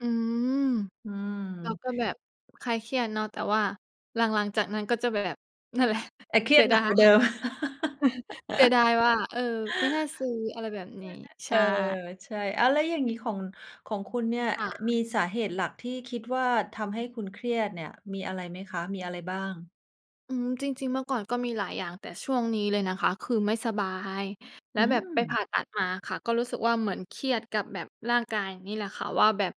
อืม อืเราม ก็แบบคลายเครียดเนาะ แต่ว่าหลัง ๆ จากนั้นก็จะแบบ นั่นแหละแต่เครเีสียดยหดนาักกย ว่าเดิม เสียดายว่า เออ ไม่น่าซื้ออะไรแบบนี้ [unintelligible] ใชเออ ่ ใช่ อ้าว แล้วอย่างนี้ของ ของคุณเนี่ย อ ค่ะ มีสาเหตุหลักที่คิดว่า ทำให้คุณเครียดเนี่ย มีอะไรไหมคะ? มี อะไรบ้าง? อืม จริง ๆ เมื่อก่อนก็มีหลายอย่าง แต่ช่วงนี้เลยนะคะคือไม่สบาย แลอ้ืวแบบไปผม ่าตัดมาค่ะ ก็รู้สึกว่า เหมือนเครียดกับแบบร่างกายนี่แหละค่ะว่า แบบ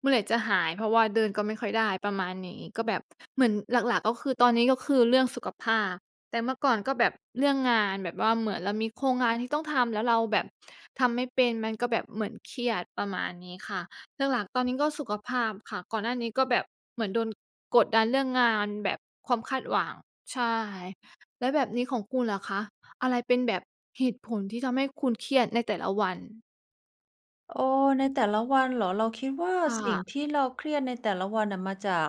เมื่อไหร่จะหาย? เพราะว่าเดินก็ไม่ค่อยได้ ประมาณนี้ ก็แบบเหมือนหลัก ๆ ก็คือ ตอนนี้ ก็คือเรื่องสุขภาพ แต่เมื่อก่อนก็แบบเรื่องงาน แบบว่า เหมือนเรามีโครงงานที่ต้องทำ แล้วเราแบบทำไม่เป็น มันก็แบบเหมือนเครียด ประมาณนี้ค่ะ หลัก ๆ ตอนนี้ก็สุขภาพค่ะ ก่อนหน้านี้ก็แบบเหมือนโดนกดดันเรื่องงาน แบบความคาดหวัง ใช่ แล้วแบบนี้ของคุณล่ะคะ อะไรเป็นแบบเหตุผลที่ทำให้คุณเครียดในแต่ละวัน? เออ ในแต่ละวันเหรอ? เราคิดว่าค่สิ่งะ ที่เราเครียดในแต่ละวันน่ะ มาจาก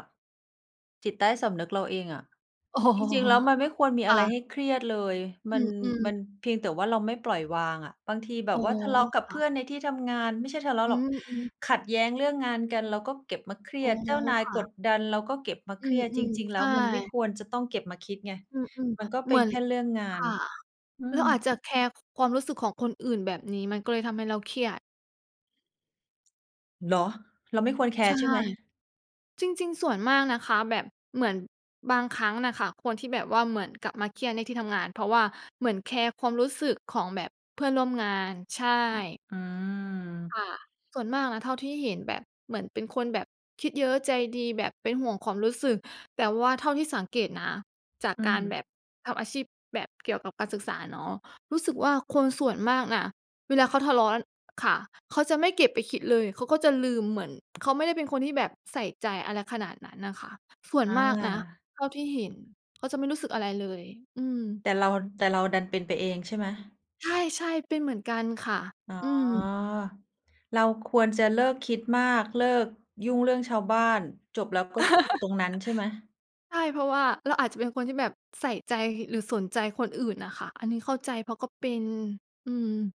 จิตใต้สำนึกเราเองอะ อ๋อ จริง ๆ แล้วมันไม่ควรมีคอะ่ไะ รให้เครียดเลย อมืัน ม อือ มันเพียงแต่ว่าเราไม่ปล่อยวางอะ บางทีแบอบ๋อ ว่า ทะเลาะกับคเพ่ื่ะ อนในที่ทำงาน ไม่ใช่ทะเลาอะืหรอก ม อือ ขัดแย้งเรื่องงานกัน เราก็เก็บมาเครีอย๋อ ด เจ้านายค่กะ ดดันเราก็เก็บมาเอืครียด จม ริง ๆ ๆ ใแชล้วมันไม่่ ควรจะต้องเก็บมาคิดไง อืม มันก็ๆ เเปหม็ืนอน แค่เรื่องงาคน ่ะ อืเราอาม จจะแคร์ความรู้สึกของคนอื่นแบบนี้ มันก็เลยทำให้เราเครียด เนาะ เราไม่ควรแคใชร่ ์ใช่ไหม? จริง ๆ ส่วนมากนะคะ แบบเหมือนบางครั้งน่ะค่ะ คนที่แบบว่า เหมือนกลับมาเครียดในที่ทำงาน เพราะว่าเหมือนแคร์ความรู้สึกของแบบเพื่อนร่วมงาน ใช่ อา ค่ะ ส่วนมากนะ เท่าที่เห็นแบบเหมือนเป็นคนแบบคิดเยอะ ใจดี แบบเป็นห่วงความรู้สึก แต่ว่าเท่าที่สังเกตนะ จากอืการแม บบทำอาชีพแบบเกี่ยวกับการศึกษาเนาะ รู้สึกว่า คนส่วนมากอะ เวลาเขาทะเลาะ ค่ะ เขาจะไม่เก็บไปคิดเลย เขาก็จะลืม เหมือน เขาไม่ได้เป็นคนที่แบบใส่ใจอะไรขนาดนั้นน่ะค่ะ ส่วอนมากนะา เท่าที่เห็น เขาจะไม่รู้สึกอะไรเลย อืม แต่เรามัน แต่เราดันเป็นไปเอง ใช่ไหม? ใช่ ๆ เป็นเหมือนกันค่ะ อ๋อ อืม เราควรจะเลิกคิดมาก เลิกยุ่งเรื่องชาวบ้าน จบแล้วก็คือตรงนั้น ใช่ไหม? ใช่ เพราะว่าเราอาจจะเป็นคนที่แบบใส่ใจ หรือสนใจคนอื่นน่ะค่ะ อันนี้เข้าใจ เพราะก็เป็น อืม